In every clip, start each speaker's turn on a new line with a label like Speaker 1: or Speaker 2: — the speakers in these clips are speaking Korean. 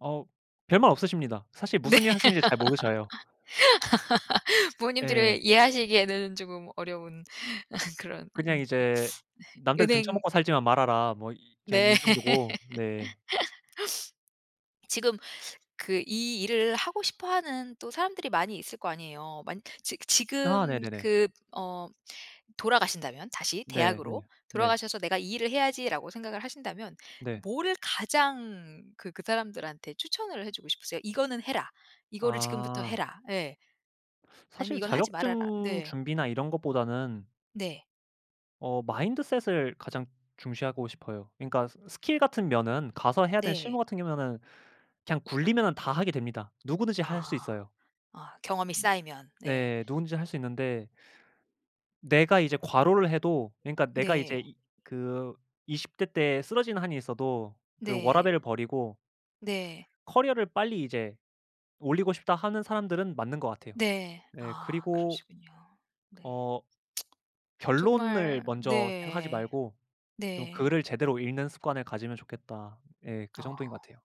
Speaker 1: 어 별말 없으십니다. 사실
Speaker 2: 네.
Speaker 1: 무슨 일 하시는지 잘 모르셔요.
Speaker 2: 부모님들이
Speaker 1: 네.
Speaker 2: 이해하시기에는 쪼금 어려운 그런 인
Speaker 1: 그냥 이제
Speaker 2: 네.
Speaker 1: "남들
Speaker 2: 은행
Speaker 1: 등쳐먹고 살지만 말아라." 뭐 이 그냥
Speaker 2: 네.
Speaker 1: 이 정도고. 네.
Speaker 2: 지금 그 이 일을 하고 싶어 하는 또 사람들이 많이 있을 거 아니에요. 만 지
Speaker 1: 아
Speaker 2: 지금
Speaker 1: 네네네.
Speaker 2: 그 어 돌아가신다면 다시
Speaker 1: 네네.
Speaker 2: 대학으로
Speaker 1: 네.
Speaker 2: 돌아가셔서 '내가 이 일을 해야지.'라고 생각을 하신다면
Speaker 1: 네.
Speaker 2: 뭐를 가장 그 그 사람들한테 추천을 해 주고 싶으세요? '이거는 해라. 이거를 지금부터
Speaker 1: 아.
Speaker 2: 해라.' 예. 아니면
Speaker 1: 사실
Speaker 2: '이건 하지 말아라.'
Speaker 1: 자격증
Speaker 2: 네.
Speaker 1: 준비나 이런 것보다는
Speaker 2: 네.
Speaker 1: 어 마인드셋을 가장 중시하고 싶어요. 그니까 스 스킬 같은 면은 가서 해야 되는
Speaker 2: 네.
Speaker 1: 실무 같은 경우에는 그냥 굴리면은 다 하게 됩니다. 누구든지 할 수
Speaker 2: 아.
Speaker 1: 있어요.
Speaker 2: 아 경험이 쌓이면. 네.
Speaker 1: 네. 누구든지 할 수 있는데. 내가 이제 과로를 해도 그니까 내가 이제
Speaker 2: 네.
Speaker 1: 이 그 20 대 때 쓰러지는 한이 있어도 그
Speaker 2: 네.
Speaker 1: 워라밸을 버리고
Speaker 2: 네.
Speaker 1: 커리어를 빨리 이제 올리고 싶다 하는 사람들은 맞는 것 같아요.
Speaker 2: 네.
Speaker 1: 예
Speaker 2: 아
Speaker 1: 그리고
Speaker 2: 그러시군요. 네.
Speaker 1: 어 결론을
Speaker 2: 정말
Speaker 1: 먼저 생각하지
Speaker 2: 네.
Speaker 1: 말고 좀
Speaker 2: 네.
Speaker 1: 글을 제대로 읽는 습관을 가지면 좋겠다. 예 그 정도인
Speaker 2: 아.
Speaker 1: 것 같아요.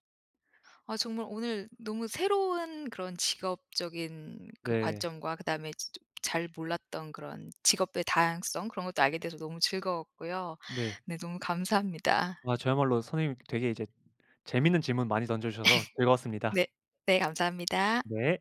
Speaker 2: 아 정말 오늘 너무 새로운 그런 직업적인 그
Speaker 1: 네.
Speaker 2: 관점과 그다음에 [unintelligible] 잘 몰랐던 그런 직업의 다양성 그런 것도 알게 돼서 너무 즐거웠고요.
Speaker 1: 네.
Speaker 2: 네 너무 감사합니다.
Speaker 1: 아 저야말로 선생님이 되게 이제 재밌는 질문 많이 던져주셔서 즐거웠습니다.
Speaker 2: 네. 네 감사합니다.
Speaker 1: 네.